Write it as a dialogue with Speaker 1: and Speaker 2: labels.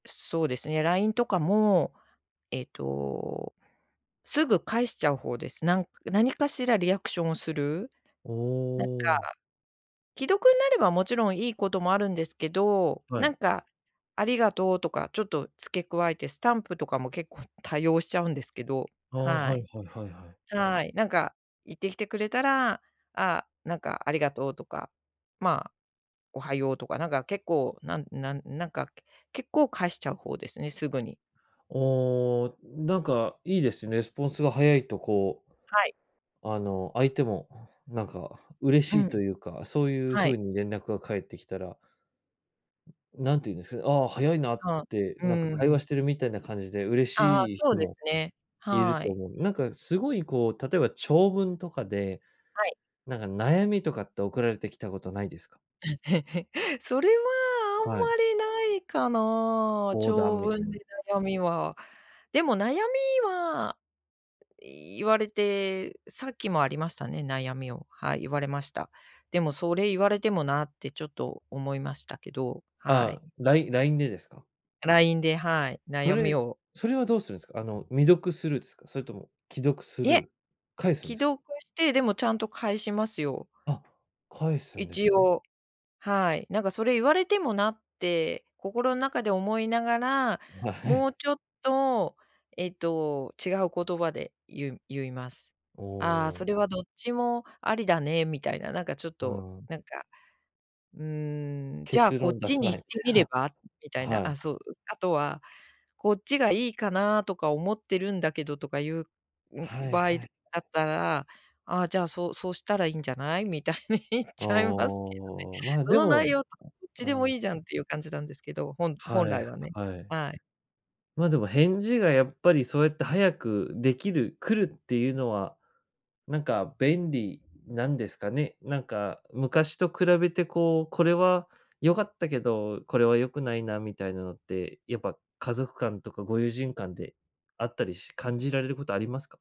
Speaker 1: そうですね。LINE とかも、えっと、すぐ返しちゃう方です。なん何かしらリアクションをする。
Speaker 2: お
Speaker 1: なんか、
Speaker 2: お。
Speaker 1: 既読になればもちろんいいこともあるんですけど、
Speaker 2: は
Speaker 1: な
Speaker 2: い。
Speaker 1: んか、ありがとうとかちょっと付け加えてスタンプとかも結構多用しちゃうんですけど、
Speaker 2: ああ、
Speaker 1: は
Speaker 2: はい
Speaker 1: い。
Speaker 2: はいはいはい。
Speaker 1: はい。なんか言ってきてくれたら、ああ、なんかありがとうとか、まあ、おはようとか、なんか結構、なんなんなんか結構返しちゃう方ですね、すぐに。
Speaker 2: ああ、なんかいいです。レスポンスが早いとこう
Speaker 1: はい。
Speaker 2: あの、相手も、なんか嬉
Speaker 1: う
Speaker 2: しいと
Speaker 1: ん。
Speaker 2: いうか、そういう
Speaker 1: はい。
Speaker 2: 風に連絡が返ってきたらなんて言うんですかね、ああ、早いなっ
Speaker 1: あ、
Speaker 2: て、
Speaker 1: うー
Speaker 2: なんか会話
Speaker 1: ん。
Speaker 2: してるみたいな感じで嬉
Speaker 1: ああああ、
Speaker 2: しい
Speaker 1: そ
Speaker 2: 人
Speaker 1: うです
Speaker 2: も、
Speaker 1: ね。
Speaker 2: いる
Speaker 1: は
Speaker 2: と
Speaker 1: い。
Speaker 2: 思う。なんかすごいこう、例えば長文とかで、
Speaker 1: はい。
Speaker 2: なんか悩みとかって送られてきたことないですか？
Speaker 1: それは、あ
Speaker 2: はい。
Speaker 1: んまりないかな。
Speaker 2: 相談
Speaker 1: 長
Speaker 2: みたい
Speaker 1: 文で
Speaker 2: な。
Speaker 1: 悩みは。でも悩みは、言われて、さっきもありましたね、悩みを、はい。言われました。でもそれ言われてもな。ってちょっと思いましたけど、はい。
Speaker 2: ああ、ライ LINE でですか？
Speaker 1: LINE で、はい、
Speaker 2: そ
Speaker 1: 悩み
Speaker 2: れ
Speaker 1: を
Speaker 2: それはどうするんすか？あの未読スルーですか？それとも既読ス
Speaker 1: い
Speaker 2: ル
Speaker 1: え。
Speaker 2: ー、返すん
Speaker 1: 既
Speaker 2: ですか？
Speaker 1: 読して、でもちゃんと返しますよ。
Speaker 2: あ、返すんです
Speaker 1: 一
Speaker 2: ね。
Speaker 1: 応、はい。なんかそれ言われてもな。って、心の中で思いながら、
Speaker 2: あ、は
Speaker 1: も
Speaker 2: い。
Speaker 1: うちょっと、えっと違う言葉で言う言います。
Speaker 2: お
Speaker 1: ああ、
Speaker 2: お。
Speaker 1: それはどっちもありだねみたいな、なんかちょっ
Speaker 2: う
Speaker 1: と
Speaker 2: ん。
Speaker 1: なんか、うーん。じゃあ
Speaker 2: 結
Speaker 1: こ
Speaker 2: 論
Speaker 1: っ
Speaker 2: 出
Speaker 1: ち
Speaker 2: さ
Speaker 1: に
Speaker 2: ない、み
Speaker 1: して
Speaker 2: た
Speaker 1: み
Speaker 2: い
Speaker 1: れ
Speaker 2: な。
Speaker 1: ば。みたいな
Speaker 2: は
Speaker 1: あ、
Speaker 2: い。
Speaker 1: そう。あとはこっちがいいかなとか思ってるんだけど、とかいう、ん、
Speaker 2: はい
Speaker 1: 場
Speaker 2: はい
Speaker 1: 合だ
Speaker 2: はい。
Speaker 1: ったら、ああ、じゃあ、そうそうしたらいいんじゃない。みたいに言っ
Speaker 2: あ
Speaker 1: ちゃいますけ
Speaker 2: あ、まあ
Speaker 1: ど
Speaker 2: で
Speaker 1: ね。その
Speaker 2: も
Speaker 1: 内容と、どっち
Speaker 2: う
Speaker 1: でも
Speaker 2: ん。
Speaker 1: いいじゃんっていう感じなんですけど、ほん本
Speaker 2: は
Speaker 1: 来
Speaker 2: い
Speaker 1: はね。
Speaker 2: はい。
Speaker 1: はい。
Speaker 2: ま、でも、返事がやっぱりそうやって早くできる来るっていうのは、なんか便利なんですかね。なんか昔と比べてこう、これは良かったけど、これは良くないなみたいなのって、やっぱ家族間とかご友人間であったりし感じられることありますか？